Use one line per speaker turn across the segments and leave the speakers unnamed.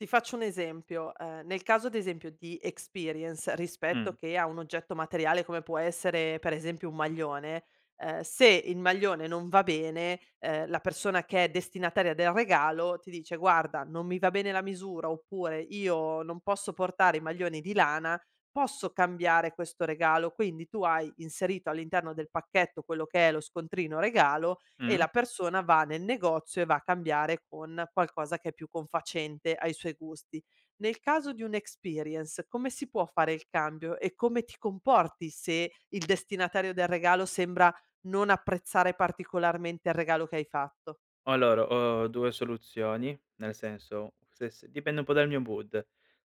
Ti faccio un esempio. Ehm, nel caso ad esempio di experience rispetto
Mh.
che a un oggetto materiale, come può essere per esempio un maglione, ehm, se il maglione non va bene, ehm, la persona che è destinataria del regalo ti dice: "Guarda, non mi va bene la misura," oppure: "Io non posso portare i maglioni di lana, posso cambiare questo regalo?" Quindi, tu hai inserito all'interno del pacchetto, quello che è lo scontrino regalo, e
Mh.
la persona va nel negozio e va a cambiare con qualcosa che è più confacente ai suoi gusti. Nel caso di un' experience, come si può fare il cambio e come ti comporti se il destinatario del regalo sembra non apprezzare particolarmente il regalo che hai fatto?
Allora, ho 2 soluzioni, nel senso se se dipende un po' dal mio mood.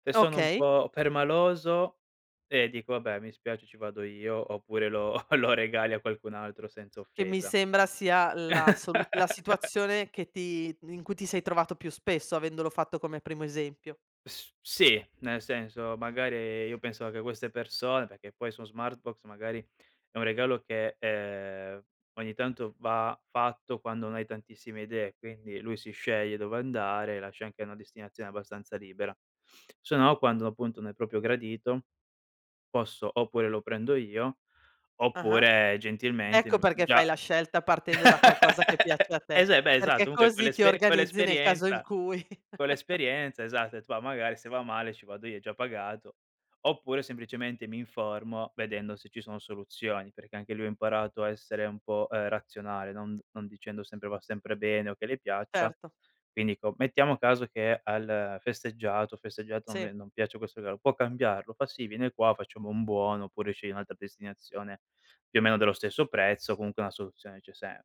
Se sono un
Okay.
po' permaloso, eh, dico: "Vabbè, mi spiace ci vado io, oppure lo lo regali a qualcun altro senza
Che mi
offesa."
sembra sia la soluz la situazione che ti in cui ti sei trovato più spesso, avendolo fatto come primo esempio.
S sì, nel senso magari, io penso che queste persone perché poi su Smartbox, magari è un regalo che, ehm, ogni tanto va fatto quando non hai tantissime idee, quindi lui si sceglie dove andare, lascia anche una destinazione abbastanza libera. Se no quando, appunto, non è proprio gradito, posso oppure lo prendo io,
Ah-ah.
oppure gentilmente
Ecco perché fai
già
la scelta partendo da qualcosa che piace a te,
eh, se beh, esatto,
perché
comunque co
così ti
l'esperie co
organizzi nel caso in
l'esperienza
cui
co l'esperienza, esatto e ho det: "Va magari se va male, ci vado io, è già pagato." Oppure, semplicemente mi informo, vedendo se ci sono soluzioni, perché anche lui ha imparato a essere un po', ehm, razionale non non dicendo sempre, va sempre bene o che le piaccia,
Certo.
quindi dico: "Mettiamo caso che al festeggiato festeggiato, non
Sì.
ve non piace questo regalo, può cambiarlo?" Fa: "Sì, viene qua, facciamo un buono oppure sceglie un'altra destinazione, più o meno dello stesso prezzo, comunque una soluzione c'è sempre".